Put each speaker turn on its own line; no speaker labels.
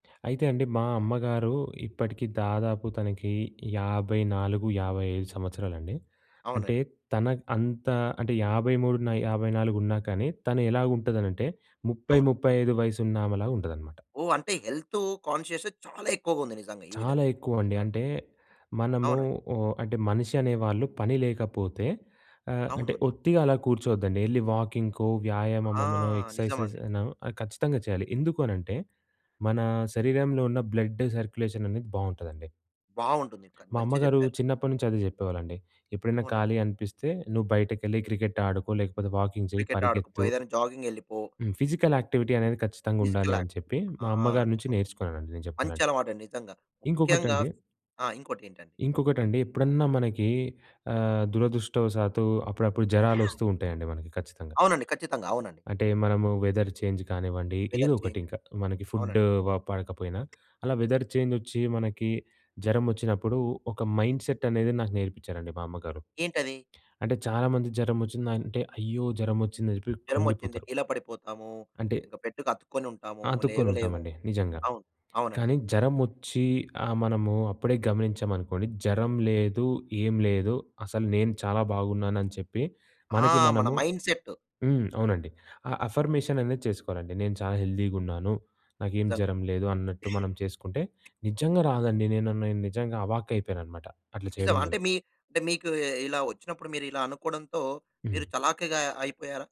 అయితే అండి మా అమ్మగారు ఇప్పటికి దాదాపు తనకి 54, 55 సంవత్సరాలండి. అంటే
అవునండి.
తనకి అంత అంటే 53 న 54 ఉన్నా కానీ తను ఎలాగుంటదనంటే ముప్పై
అవును.
ముప్పై ఐదు వయసున్న ఆమెలాగుంటదనమాట.
ఓహ్! అంటే హెల్తూ కాన్షియసే చాలా ఎక్కువగా ఉంది నిజంగా ఈ
చాలా
విధంగా.
ఎక్కువండి. అంటే మనము
అవునండి.
ఆహ్, అంటే మనిషనేవాళ్ళు పని లేకపోతే ఆహ్,
అవును
అంటే
అండి.
ఒత్తిగా అలా కూర్చోద్దండి. ఎళ్లి వాకింగ్‌కో,
ఆ!
వ్యాయామమమనో,
నిజం
ఎక్సర్సైజెసెస్
అండి.
అనో ఖచ్చితంగా చేయాలి. ఎందుకూ అనంటే, మన శరీరంలో ఉన్న బ్లడ్ సర్క్యులేషననేది బావుంటదండి.
బావుంటుందింక
మా
మంచిగా
అమ్మగారు
చెప్పారు.
చిన్నప్పటినుంచి అదే చెప్పేవాలండి. ఎప్పుడైనా
అవునండి.
ఖాళీ అనిపిస్తే నువ్వు బయటకెళ్ళి క్రికెట్ ఆడుకో లేకపోతే వాకింగ్ చెయ్యి,
క్రికెట్ ఆడుకోపో,
పరిగెత్తు.
ఏదైనా జాగింగ్ యెళ్ళిపో.
హ్మ్. ఫిజికల్ యాక్టివిటీ అనేది ఖచ్చితంగా
ఫిజికల్
ఉండాలని
యాక్ట్
చెప్పి,
ఆ!
మా అమ్మగారి నుంచి
నిజం.
నేర్చుకున్నానండి నేను
మంచి
జేప్పాలంటే.
అలవాటండి నిజంగా. ముఖ్యంగా
ఇంకొకటండి
ఆ! ఇంకోటేంటండి?
ఇంకొకటండి ఎప్పుడన్నా మనకి ఆహ్, దురదృష్టవశాతు అప్పుడప్పుడు జరాలొస్తూ ఉంటయండి మనకి ఖచ్చితంగా.
అవునండి. ఖచ్చితంగా. అవునండి.
అంటే మనము వెదర్ చేంజ్ కానివ్వండి,
వెదర్
ఏదోకటి
చేంజ్.
ఇంకా. మనకి
అవునండి.
ఫుడ్డూ వ పడకపోయినా, అలా వెదర్ చేంజొచ్చి మనకి జరమొచ్చినప్పుడు ఒక మైండ్‌‌సెట్ అనేది నాకు నేర్పించారండి మా అమ్మగారు.
ఏంటది?
అంటే చాలా మందికి జరమొచ్చిందంటే, అయ్యో! జరమొచ్చిందని జెప్పి
జరమొచ్చింది.
కృంగిపోతరు.
డీల పడిపోతాము,
అంటే
ఇంక బెడ్డుకతుక్కొని ఉంటాము,
ఆ! అతుక్కొని
లేవలేము.
ఉంటామండి. నిజంగా.
అవును. అవునండి.
కానీ జరమొచ్చి ఆ మనము అప్పుడే గమనించాం అనుకోండి, జరం లేదు ఏం లేదు అసలు నేను చాలా బాగున్నాను అని చెప్పి,
ఆ!
మనకి
మన
మనము
మైండ్‌సెట్.
హ్మ్. అవునండి. ఆ
ఓహ్!
అఫర్మేషననేది చేసుకోవాలండి. నేను చాలా హెల్దీగున్నాను. నాకేం
నిజంగండి.
జరం లేదు అన్నట్టు మనం చేసుకుంటే నిజంగా రాదండి. నేను, నేను నిజంగా అవాక్కయిపోయాననమాట. అట్లా
నిజం.
చేయడం వల్ల.
అంటే మీ అంటే మీకూ ఇ ఇలా ఒచ్చినప్పుడు మీరిలా అనుకోడంతో మీరు
హ్మ్.
చలాకిగా అయి అయిపోయారా?